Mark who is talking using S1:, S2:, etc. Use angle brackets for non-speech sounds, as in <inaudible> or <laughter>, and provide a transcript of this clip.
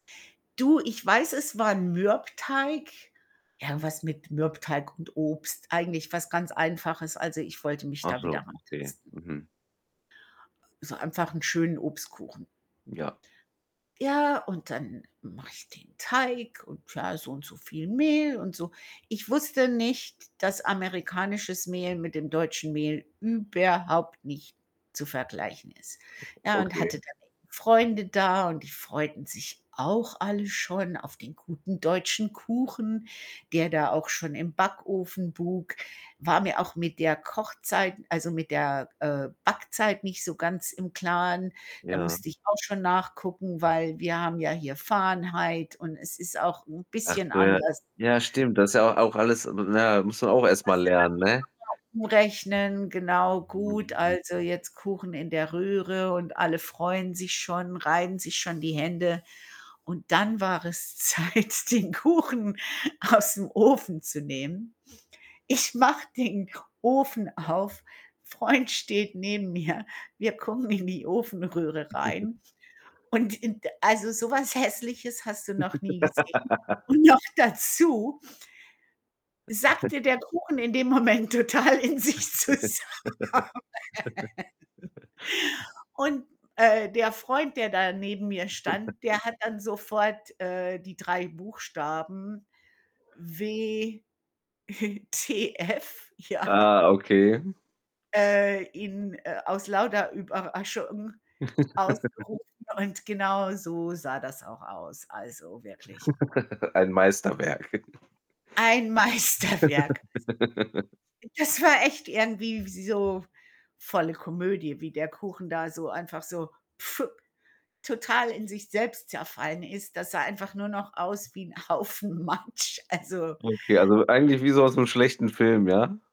S1: Du, ich weiß, es war Mürbteig, irgendwas mit Mürbteig und Obst, eigentlich was ganz Einfaches. Also, ich wollte mich da
S2: Achso,
S1: wieder
S2: okay,
S1: rantasten.
S2: mhm.
S1: So einfach 'n schönen Obstkuchen.
S2: Ja.
S1: Ja, und dann mache ich den Teig und klar, so und so viel Mehl und so. Ich wusste nicht, dass amerikanisches Mehl mit dem deutschen Mehl überhaupt nicht zu vergleichen ist,
S2: <chuckles>
S1: ja, und
S2: Okay.
S1: hatte dann Freunde da und die freuten sich auch alle schon auf den guten deutschen Kuchen, der da auch schon im Backofen buk. War mir auch mit der Kochzeit also, mit der, äh, Backzeit nicht so ganz im Klaren. Da
S2: Ja.
S1: musste ich auch schon nachgucken, weil wir haben ja hier Fahrenheit und es ist auch 'n bisschen
S2: Achso, ja.
S1: anders.
S2: Ja, stimmt. Das ist ja au auch alles na ja, musst du auch erstmal lernen, ne?
S1: <unintelligible> umrechnen, genau, gut,
S2: Mhm.
S1: also, jetzt Kuchen in der Röhre und alle freuen sich schon, reiben sich schon die Hände. Und dann war es Zeit, den Kuchen aus'm Ofen zu nehmen. Ich mache den Ofen auf, Freund steht neben mir, wir gucken in die Ofenröhre
S2: <chuckles>
S1: rein. Und, in d also, sowas Hässliches hast du noch nie gesehen. Und noch
S2: <giggles>
S1: dazu sackte
S2: <chuckles>
S1: der Kuchen in dem Moment total in sich zusammen.
S2: <giggles>
S1: <giggles> Und, äh, der Freund, der da neben mir stand,
S2: <giggles>
S1: der hat dann sofort, äh, die 3 Buchstaben W <chuckles> T F, ja
S2: Ah, okay.
S1: äh, in, äh, aus lauter Überraschung
S2: <giggles>
S1: ausgerufen und genauso sah das auch aus, also, wirklich.
S2: <giggles> Ein Meisterwerk. <chuckles>
S1: Ein Meisterwerk.
S2: <giggles>
S1: Das war echt irgendwie wie so volle Komödie, wie der Kuchen da so einfach so <blows air> total in sich selbst zerfallen ist. Das sah einfach nur noch aus wie 'n Haufen Matsch, also
S2: Okay, also, eigentlich wie so aus'm schlechten Film, ja?